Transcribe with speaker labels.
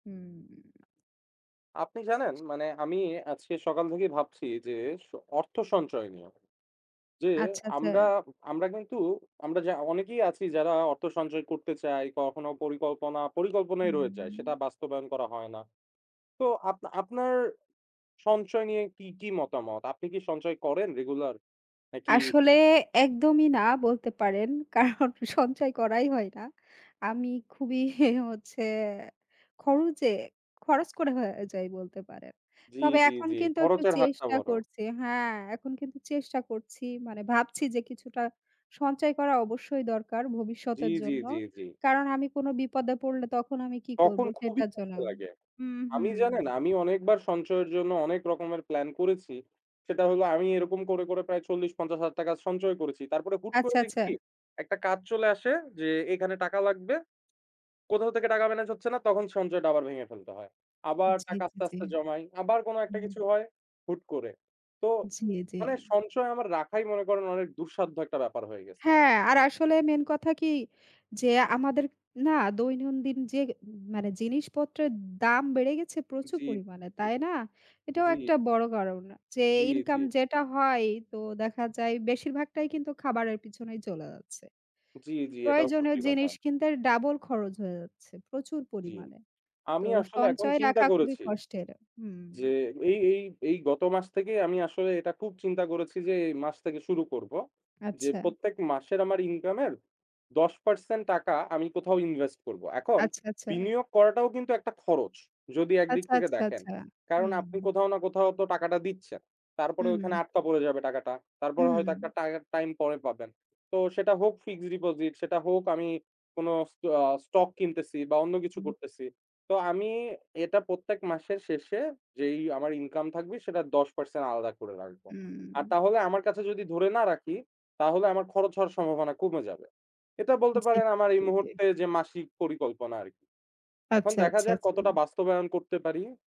Speaker 1: হুম।
Speaker 2: আপনি জানেন মানে আমি আজকে সকাল থেকেই ভাবছি যে, স অর্থ সঞ্চয় নিয়েও, যে
Speaker 1: আচ্ছা,
Speaker 2: আমরা,
Speaker 1: আচ্ছা।
Speaker 2: আমরা কিন্তু আমরা যা অনেকেই আছি যারা অর্থ সঞ্চয় করতে চাই, কখনো পরিকল্পনা, পরিকল্পনাই রয়ে যায়। সেটা
Speaker 1: হুম।
Speaker 2: বাস্তবায়ন করা হয় না। তো আপ আপনার সঞ্চয় নিয়ে কি, কি মতামত? আপনি কি সঞ্চয় করেন রেগুলার? নাকি
Speaker 1: আসলে একদমই না বলতে পারেন, কারণ সঞ্চয় করাই হয় না। আমি খুবই হচ্ছে খরচে, খরচ করা হয়ে যাই বলতে পারেন।
Speaker 2: জ্বি,
Speaker 1: তবে
Speaker 2: জ্বি,
Speaker 1: এখন
Speaker 2: জ্বি,
Speaker 1: কিন্তু একটু
Speaker 2: খরচের হাতটা
Speaker 1: চেষ্টা
Speaker 2: বড়।
Speaker 1: করছি, হ্যাঁ, এখন কিন্তু চেষ্টা করছি মানে ভাবছি যে, কিছুটা সঞ্চয় করা অবশ্যই দরকার
Speaker 2: জ্বী,
Speaker 1: ভবিষ্যতের
Speaker 2: জ্বী,
Speaker 1: জন্য।
Speaker 2: জ্বী, জ্বী।
Speaker 1: কারণ আমি কোনো বিপদে পড়লে তখন আমি কী করব?
Speaker 2: তখন খুবই
Speaker 1: সেটার জন্য
Speaker 2: খারাপ লাগে।
Speaker 1: হুম,
Speaker 2: আমি জানেন,
Speaker 1: হুম।
Speaker 2: আমি অনেকবার সঞ্চয়ের জন্য অনেক রকমের প্ল্যান করেছি। সেটা হলো আমি এরকম করে, করে প্রায় ৪0,000-৫0,000 টাকা সঞ্চয় করেছি। তারপরে হুট করে
Speaker 1: আচ্ছা, আচ্ছা।
Speaker 2: দেখি, একটা কাজ চলে আসে যে, এখানে টাকা লাগবে। কোথাও থেকে টাকা মেনেজ হচ্ছে না, তখন সঞ্চয়টা আবার ভেঙে ফেলতে হয়। আবার
Speaker 1: জ্বী,
Speaker 2: টাকা
Speaker 1: জ্বী,
Speaker 2: আস্তে,
Speaker 1: জ্বী।
Speaker 2: আস্তে জমাই। আবার কোন একটা
Speaker 1: হুম।
Speaker 2: কিছু হয় হুট করে। তো
Speaker 1: জ্বী, জ্বী।
Speaker 2: মানে সঞ্চয় আমার রাখাই মনে করেন অনেক দুঃসাধ্য একটা ব্যাপার হয়ে গেছে।
Speaker 1: হ্যাঁ, আর আসলে মেইন কথা কি? যে, আমাদের না দৈনন্দিন যে মানে জিনিসপত্রের দাম বেড়ে গেছে প্রচুর
Speaker 2: জ্বী,
Speaker 1: পরিমাণে।
Speaker 2: জ্বী।
Speaker 1: তাই না? এটাও
Speaker 2: জ্বী।
Speaker 1: একটা বড় কারণ, যে
Speaker 2: জ্বী,
Speaker 1: ইনকাম
Speaker 2: জ্বী।
Speaker 1: যেটা হয় তো দেখা যায় বেশিরভাগটাই কিন্তু খাবারের পিছনেই চলে যাচ্ছে।
Speaker 2: জ্বি, জ্বি, এটাও
Speaker 1: প্রয়োজনীয়
Speaker 2: সত্যি কথা।
Speaker 1: জিনিস কিনতে ডাবল খরচ হয়ে যাচ্ছে প্রচুর
Speaker 2: জ্বী।
Speaker 1: পরিমাণে। তো
Speaker 2: আমি আসলে এখন
Speaker 1: সঞ্চয়
Speaker 2: চিন্তা
Speaker 1: রাখা খুবই
Speaker 2: করেছি
Speaker 1: কষ্টের।
Speaker 2: যে,
Speaker 1: হুম।
Speaker 2: এই, এই, এই গত মাস থেকেই আমি আসলে এটা খুব চিন্তা করেছি যে, এই মাস থেকে শুরু করব। যে
Speaker 1: আচ্ছা।
Speaker 2: প্রত্যেক মাসের আমার ইনকাম এর ১০% টাকা আমি কোথাও ইনভেস্ট করবো। এখন
Speaker 1: আচ্ছা, আচ্ছা।
Speaker 2: বিনিয়োগ করাটাও কিন্তু একটা খরচ, যদি একদিক
Speaker 1: আচ্ছা,
Speaker 2: থেকে
Speaker 1: আচ্ছা,
Speaker 2: দেখেন।
Speaker 1: আচ্ছা,
Speaker 2: কারণ আপনি
Speaker 1: হুম।
Speaker 2: কোথাও না কোথাও তো টাকাটা দিচ্ছেন। তারপরে ওখানে
Speaker 1: হুম।
Speaker 2: আটকা পড়ে যাবে টাকাটা। তারপরে হয়তো একটা
Speaker 1: হুম।
Speaker 2: টাই টাইম পরে পাবেন। তো সেটা হোক ফিক্সড ডিপোজিট, সেটা হোক আমি কোন স্ট অ্যা স্টক কিনতেছি বা অন্য কিছু
Speaker 1: হুম।
Speaker 2: করতেছি। তো আমি এটা প্রত্যেক মাসের শেষে যেই আমার ইনকাম থাকবে সেটার ১০% আলাদা করে রাখবো। আর
Speaker 1: হুম।
Speaker 2: তাহলে আমার কাছে যদি ধরে না রাখি তাহলে আমার খরচ হওয়ার সম্ভাবনা কমে যাবে। এটা বলতে
Speaker 1: জী,
Speaker 2: পারেন আমার এই
Speaker 1: জী, জী।
Speaker 2: মুহূর্তে যে, মাসিক পরিকল্পনা আরকি। এখন
Speaker 1: আচ্ছা,
Speaker 2: দেখা
Speaker 1: আচ্ছা,
Speaker 2: যাক
Speaker 1: আচ্ছা।
Speaker 2: কতটা বাস্তবায়ন করতে পারি।